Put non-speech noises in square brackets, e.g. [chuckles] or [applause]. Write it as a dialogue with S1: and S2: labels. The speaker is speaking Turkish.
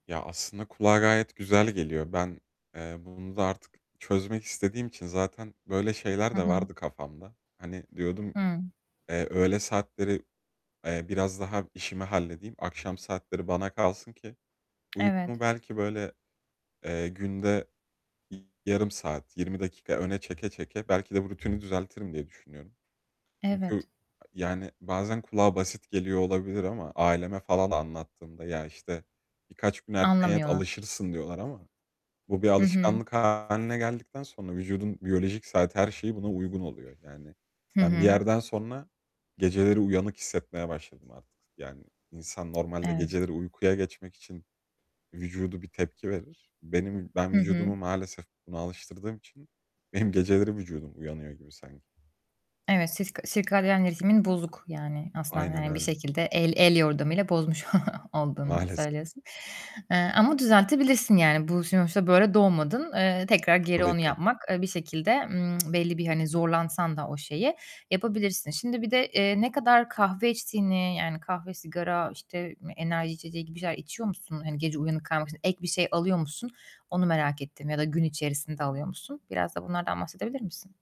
S1: Ya, aslında kulağa gayet güzel geliyor. Ben, eee, bunu da artık çözmek istediğim için zaten böyle şeyler
S2: Hı
S1: de
S2: hı.
S1: vardı kafamda. Hani, diyordum:
S2: Hıı.
S1: "Eee, öğle saatleri, eee, biraz daha işimi halledeyim. Akşam saatleri bana kalsın ki uykumu
S2: Evet.
S1: belki böyle, eee, günde yarım saat, 20 dakika öne çeke çeke belki de rutini düzeltirim." diye düşünüyorum. Çünkü, ı
S2: Evet.
S1: yani bazen kulağa basit geliyor olabilir ama aileme falan anlattığımda "Ya, işte, birkaç gün erken yat,
S2: Anlamıyorlar.
S1: alışırsın." diyorlar ama bu bir
S2: Hı hı.
S1: alışkanlık hâline geldikten sonra vücudun biyolojik saati her şeyi buna uygun oluyor. Yani
S2: Hı
S1: ben bir
S2: hı.
S1: yerden sonra geceleri uyanık hissetmeye başladım artık. Yani insan normalde
S2: Evet.
S1: geceleri uykuya geçmek için vücudu bir tepki verir. Benim ben
S2: Hı hı.
S1: vücudumu maalesef buna alıştırdığım için benim geceleri vücudum uyanıyor gibi sanki.
S2: Evet, siska sirkadiyen ritmin bozuk yani aslında
S1: Aynen
S2: yani bir
S1: öyle.
S2: şekilde el el yordamıyla bozmuş [chuckles] olduğunu
S1: Maalesef.
S2: söylüyorsun, eee, ama düzeltebilirsin yani. Bu sonuçta böyle doğmadın, eee, tekrar geri
S1: Tabii
S2: onu
S1: ki.
S2: yapmak, eee, bir şekilde, ımm, belli bir, hani, zorlansan da o şeyi yapabilirsin. Şimdi, bir de, eee, ne kadar kahve içtiğini yani kahve, sigara, işte, ım enerji içeceği gibi şeyler içiyor musun? Hani, gece uyanık kalmak için ek bir şey alıyor musun? Onu merak ettim ya da gün içerisinde alıyor musun? Biraz da bunlardan bahsedebilir misin?